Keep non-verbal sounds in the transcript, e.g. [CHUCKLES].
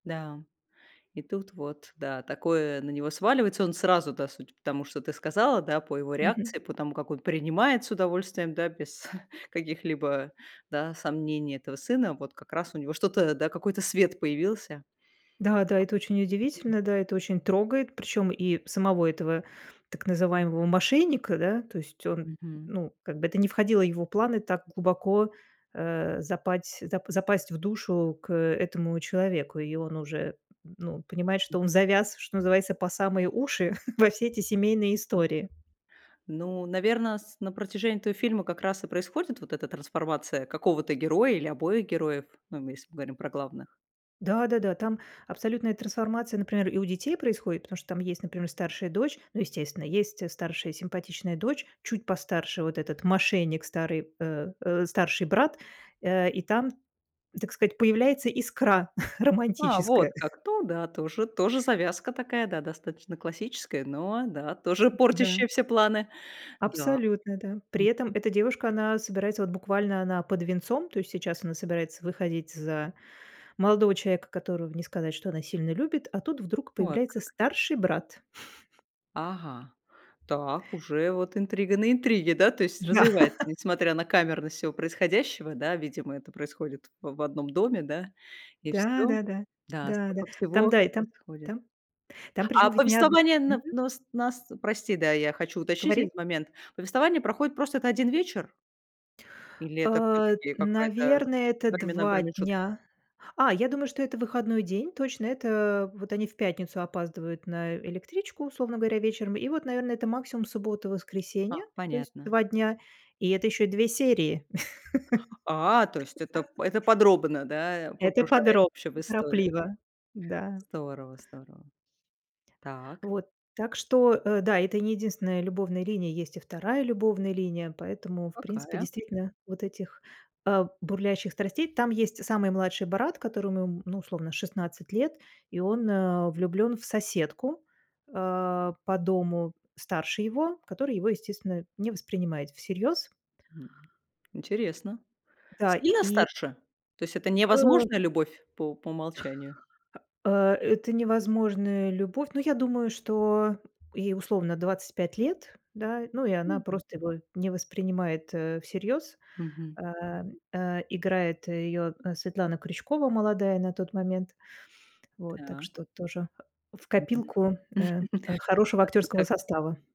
Да, и тут вот, да, такое на него сваливается, он сразу, да, судя по тому, что ты сказала, да, по его Мгм. реакции, по тому, как он принимает с удовольствием, да, без [CHUCKLES] каких-либо, да, сомнений этого сына, вот как раз у него что-то, да, какой-то свет появился. Да да, это очень А удивительно, да, это очень трогает, причем и самого этого, так называемого мошенника, да. То есть он, Мгм. ну, как бы это не входило в его планы так глубоко, э, запать зап запасть в душу к этому человеку, и он уже, ну, понимает, что М. он завяз, что называется, по самые уши [CHUCKLES] во все эти семейные А. истории. Ну, наверно, с на протяжении этого фильма как раз и происходит вот эта трансформация какого-то героя или обоих героев, ну, если мы говорим про главных. Да да-да, там абсолютная трансформация, например, и у детей происходит, потому что там есть, например, старшая дочь. Ну, естественно, есть старшая симпатичная дочь, чуть постарше. Вот этот мошенник старый, э, э, старший брат, э, и там, так сказать, появляется искра [CHUCKLES] А, вот романтическая. как. То да, тоже тоже завязка такая, да, достаточно классическая, но да, тоже М, да. портящая все планы. Да. Абсолютно, да. При Мгм. этом эта девушка, она собирается вот буквально она под венцом, то есть сейчас она собирается выходить за молодого человека, которого, не сказать, что она сильно любит, а тут вдруг Вот появляется как. старший брат. [CHUCKLES] Ага, так, уже вот интрига на интриге. Да, то есть Да. развивается, несмотря на камерность всего происходящего, да. Видимо, это происходит в в одном доме, да. И Да, всё. да, да. Да. Да, да. Столько Там всего да, и там происходит. там Там А причем ведь не одн повествование на мгм. нус нас, прости, да, я хочу уточнить один Говори. момент. Повествование проходит, просто это 1 вечер? Или это Э, всё-таки какой-то наверное, это временной 2 промежут дня. А, я думаю, что это выходной день точно. Это вот они в пятницу опаздывают на электричку, условно говоря, вечером. И вот, наверное, это максимум суббота, А, воскресенье, то есть понятно. 2 дня, и это еще и 2 серии. А, то есть это [LAUGHS] это подробно, да, Это погружает подробно, вообще в историю. неторопливо, да. Здорово, здорово. Так. Вот. Так что, э, да, это и не единственная любовная линия. Есть и 2 любовная линия, поэтому, в принципе, Какая? действительно вот этих, э, бурлящих страстей Там есть самый младший брат, которому, ну, условно, 16 лет, и он, э, влюблен в соседку, э, по дому, старше его, которая его, естественно, не воспринимает всерьез. М. Интересно. Да, Сильно и старше? То есть это Э невозможная любовь по у по умолчанию? А, э, это невозможная любовь. Ну, я думаю, что ей, условно, 25 лет, да. Ну и она М, можно. просто его не воспринимает, э, всерьёз. Мгм. Э, э, играет ее, э, Светлана Крючкова, молодая на тот момент, вот, так Так. что тоже в Мгм. копилку, э, э, [CHUCKLES] хорошего Отвлекаться актерского как-то. состава.